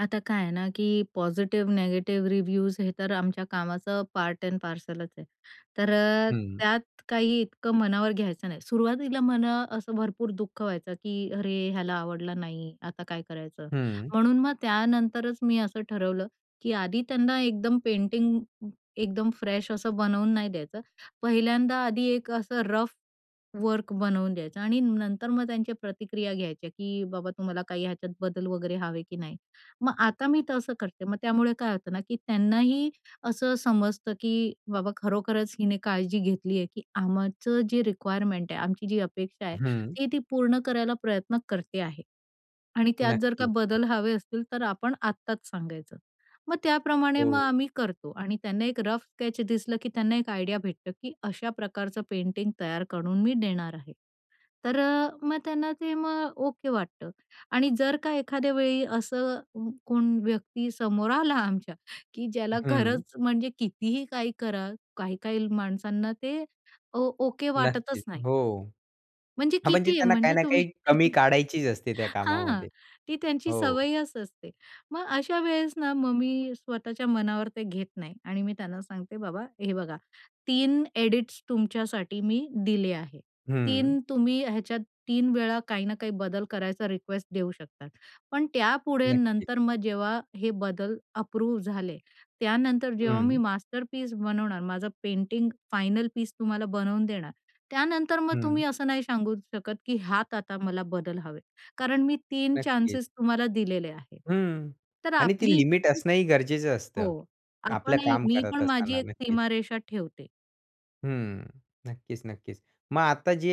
आता काय आहे ना की पॉझिटिव्ह निगेटिव्ह रिव्ह्यूज हे तर आमच्या कामाचं पार्ट ॲड पार्सलच आहे. तर हं. त्यात काही इतकं मनावर घ्यायचं नाही, सुरुवातीला मला असं भरपूर दुःख व्हायचं, की अरे ह्याला आवडला नाही. आता काय करायचं? हं. म्हणून मग त्यानंतरच मी असं ठरवलं की आधी त्यांना एकदम पेंटिंग एकदम फ्रेश असं बनवून नाही द्यायचं. पहिल्यांदा आधी एक असं रफ वर्क बनवून द्यायचा आणि नंतर मग त्यांच्या प्रतिक्रिया घ्यायच्या की, "बाबा, तुम्हाला काही ह्याच्यात बदल वगैरे हवे की नाही." मग आता मी तसं करते. मग त्यामुळे काय होतं ना की त्यांनाही असं समजतं की बाबा खरोखरच हिने काळजी घेतली आहे की आमचं जे रिक्वायरमेंट आहे आमची जी अपेक्षा आहे हं. ते ती पूर्ण करायला प्रयत्न करते आहे. आणि त्यात जर का नक्की. बदल हवे असतील तर आपण आत्ताच सांगायचं. मग त्याप्रमाणे मग हो. आम्ही करतो आणि त्यांना एक रफ स्केच दिसलं की त्यांना एक आयडिया भेटतं की अशा प्रकारचं पेंटिंग तयार करून मी देणार आहे. तर अ, मग त्यांना ते मग ओके वाटतं आणि जर का एखाद्या वेळी असं कोण व्यक्ती समोर आला आमच्या की ज्याला हं. खरंच म्हणजे कितीही काही कराल काही-काही माणसांना ते, ओ ओके वाटतच नक्कीच. नाही. हो, म्हणजे हां, म्हणजे कितीही, त्यांना काही म्हणजे ना तुम्ही. काही कमी काढायचीच असते त्या हां. कामामध्ये, ती त्यांची हो. सवयच असते. मग अशा वेळेस ना, मग मी स्वतःच्या मनावर ते घेत नाही आणि मी त्यांना सांगते, "बाबा हे बघा, 3 एडिट्स तुमच्यासाठी मी दिले आहे. हं. 3 तुम्ही ह्याच्यात 3 वेळा काही ना काही बदल करायचा रिक्वेस्ट देऊ शकतात. पण त्यापुढे नक्की. नंतर मग जेव्हा हे बदल अप्रूव्ह झाले, त्यानंतर जेव्हा मी हं. मास्टरपीस बनवणार माझं पेंटिंग फायनल पीस तुम्हाला बनवून देणार, त्यानंतर मग हं. तुम्ही असं नाही सांगू शकत की ह्यात आता मला बदल हवेत. कारण मी 3 नक्कीच. चान्सेस तुम्हाला दिलेले आहेत." हं तर आणि ती आपली लिमिट ही असणं ही गरजेचं असतं. हो. आपलं आपणही काम मी करत पण माझी असताना एक नक्कीच. सीमारेषा ठेवते. हं, नक्कीच, नक्कीच. मग आता जे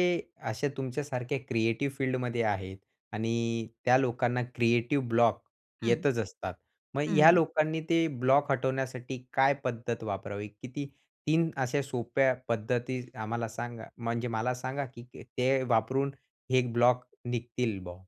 अशा तुमच्या सारख्या क्रिएटिव्ह फील्डमध्ये आहेत आणि त्या लोकांना क्रिएटिव्ह ब्लॉक हं. येतच असतात. मग ह्या हं. लोकांनी ते ब्लॉक हटवण्यासाठी काय पद्धत वापरावी? किती 3 अशा सोप्या पद्धती आम्हाला सांगा म्हणजे मला सांगा की ते वापरून हे ब्लॉक निघतील बा?